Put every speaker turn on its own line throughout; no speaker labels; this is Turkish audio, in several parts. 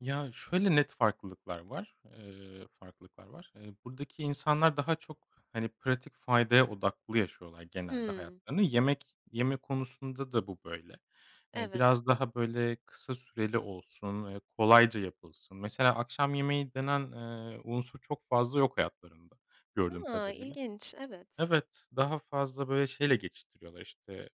Ya, şöyle net farklılıklar var, eee, farklılıklar var. Eee, buradaki insanlar daha çok, hani, pratik faydaya odaklı yaşıyorlar genelde
Hımm.
hayatlarını. Yemek yeme konusunda da bu böyle. Eee,
Evet.
biraz daha böyle kısa süreli olsun, eee, kolayca yapılsın. Mesela akşam yemeği denen, eee, unsur çok fazla yok hayatlarında gördüğüm
A!
kadarıyla.
İlginç. Evet.
Evet, daha fazla, böyle, şeyle geçiştiriyorlar, işte,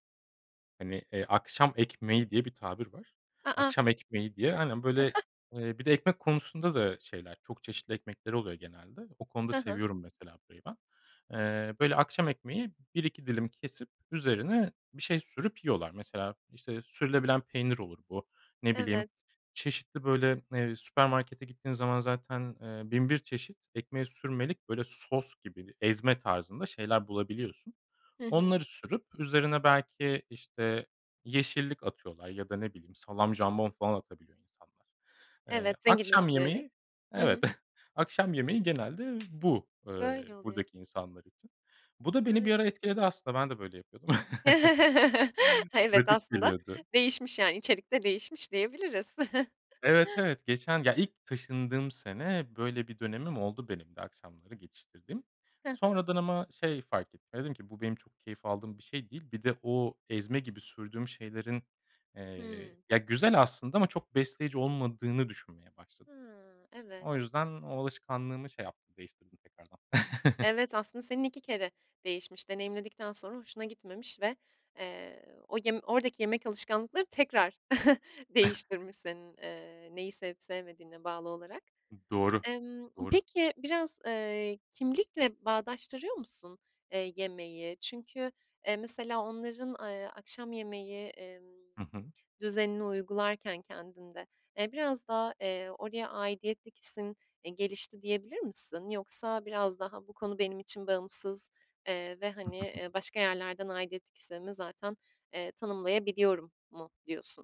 hani, eee, akşam ekmeği diye bir tabir var.
A, a!
Akşam ekmeği diye Aynen, böyle eee, bir de ekmek konusunda da şeyler, çok çeşitli ekmekleri oluyor genelde. O konuda
He he.
seviyorum mesela burayı ben. Eee, böyle, akşam ekmeği 1-2 dilim kesip üzerine bir şey sürüp yiyorlar. Mesela, işte, sürülebilen peynir olur bu. Ne
Evet.
bileyim, çeşitli, böyle, eee, süpermarkete gittiğin zaman zaten, eee, bin bir çeşit ekmeğe sürmelik böyle sos gibi, ezme tarzında şeyler bulabiliyorsun.
Hı hı.
Onları sürüp üzerine belki, işte, yeşillik atıyorlar ya da, ne bileyim, salam, jambon falan atabiliyor insanlar. Eee,
Evet,
akşam
zenginleştirerek.
yemeği
Hı
Evet.
hı.
Akşam yemeği genelde bu, eee,
Böyle oluyor.
buradaki insanlar için. Bu da beni bir
Evet.
ara etkiledi aslında. Ben de böyle yapıyordum.
Evet,
Pratik
aslında
geliyordu.
değişmiş yani içerik de değişmiş diyebiliriz.
Evet, evet geçen ya, ilk taşındığım sene böyle bir dönemim oldu benim de akşamları geçiştirdiğim.
Hı hı.
Sonradan ama şey fark ettim, ya, dedim ki: "Bu benim çok keyif aldığım bir şey değil." Bir de o ezme gibi sürdüğüm şeylerin,
Hıı.
eee, ya, güzel aslında ama çok besleyici olmadığını düşünmeye başladım.
Ha,
O
evet.
yüzden o alışkanlığımı şey yaptım, değiştirdim tekrardan.
Evet, aslında senin 2 kere değişmiş. Deneyimledikten sonra hoşuna gitmemiş ve, eee, o yem oradaki yemek alışkanlıkları tekrar değiştirmiş senin, eee, neyi sevip sevmediğine bağlı olarak.
Hı, doğru,
Emm,
doğru.
peki, biraz eee, kimlikle bağdaştırıyor musun, eee, yemeği? Çünkü, eee, mesela onların a eee, akşam yemeği, emm,
Hı hı.
düzenini uygularken kendinde, eee, biraz daha, eee, oraya aidiyetlik hissin, eee, gelişti diyebilir misin? Yoksa biraz daha bu konu benim için bağımsız, eee, ve, hani, eee, başka yerlerden aidiyetlik hissimi zaten, eee, tanımlayabiliyorum mu diyorsun?